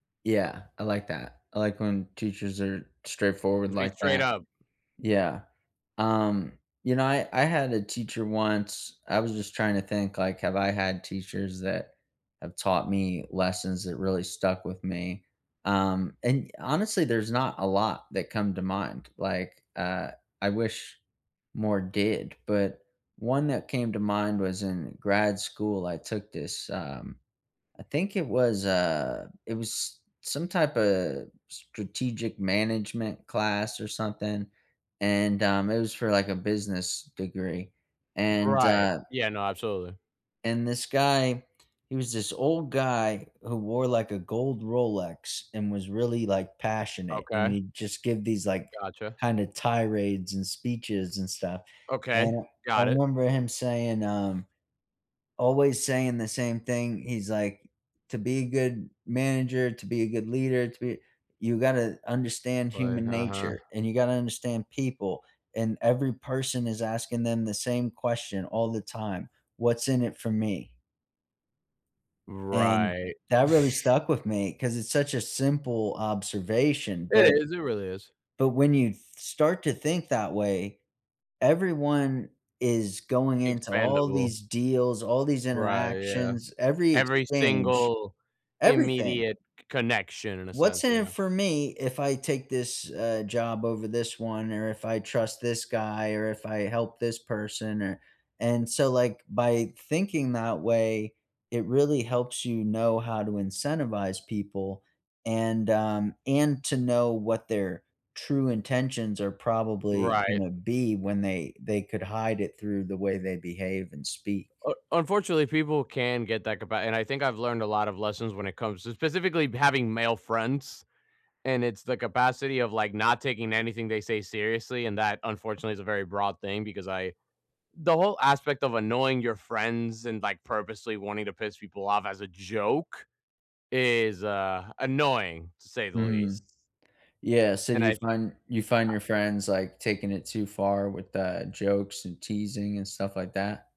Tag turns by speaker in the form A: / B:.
A: Yeah, I like that, I like when teachers are straightforward
B: Just be
A: like
B: straight
A: that,
B: up.
A: yeah, um, you know, I I had a teacher once I was just trying to think, like, have I had teachers that have taught me lessons that really stuck with me, um, and, honestly, there's not a lot that come to mind, like, uh, I wish more did, but one that came to mind was in grad school, I took this, um, I think it was a it was some typa strategic management class or something, and, um, it was for like a business degree, and,
B: Right,
A: uh
B: yeah, no, absolutely.
A: and, this guy, he was this old guy who wore, like, a gold Rolex and was really, like, passionate, and
B: Okay.
A: he'd just give these, like,
B: Gotcha.
A: kind of tirades and speeches and stuff,
B: Okay,
A: and I I
B: got it.
A: remember him saying, um, always saying the same thing. He's like, "To be a good manager, to be a good leader, to be you gotta understand
B: Like,
A: human
B: uh-huh.
A: nature, and you gotta understand people, and every person is asking them the same question all the time. 'What's in it for me?'" And
B: Right.
A: that really stuck with me 'cause it's such a simple observation,
B: It
A: but
B: is, it really is.
A: but when you th start to think that way, everyone is going into all
B: Expandable.
A: these deals, all these
B: Right, yeah,
A: interactions, every
B: every
A: exchange,
B: single
A: everything.
B: immediate connection in a
A: What's
B: sense,
A: in it
B: yeah.
A: for me if I take this, uh, job over this one, or if I trust this guy, or if I help this person, or and so, like, by thinking that way, it really helps you know how to incentivize people and, um, and to know what their true intentions are probably
B: Right.
A: gonna be when they they could hide it through the way they behave and speak.
B: U unfortunately, people can get that ca ba and I think I've learned a lot of lessons when it comes to specifically having male friends. And it's the capacity of, like, not taking anything they say seriously, and that unfortunately is a very broad thing because I the whole aspect of annoying your friends and, like, purposely wanting to piss people off as a joke is, uh, annoying to say the
A: Mhm.
B: least.
A: Yeah, so do
B: And
A: you
B: I th
A: find you find
B: I
A: your friends, like, taking it too far with the jokes and teasing and stuff like that?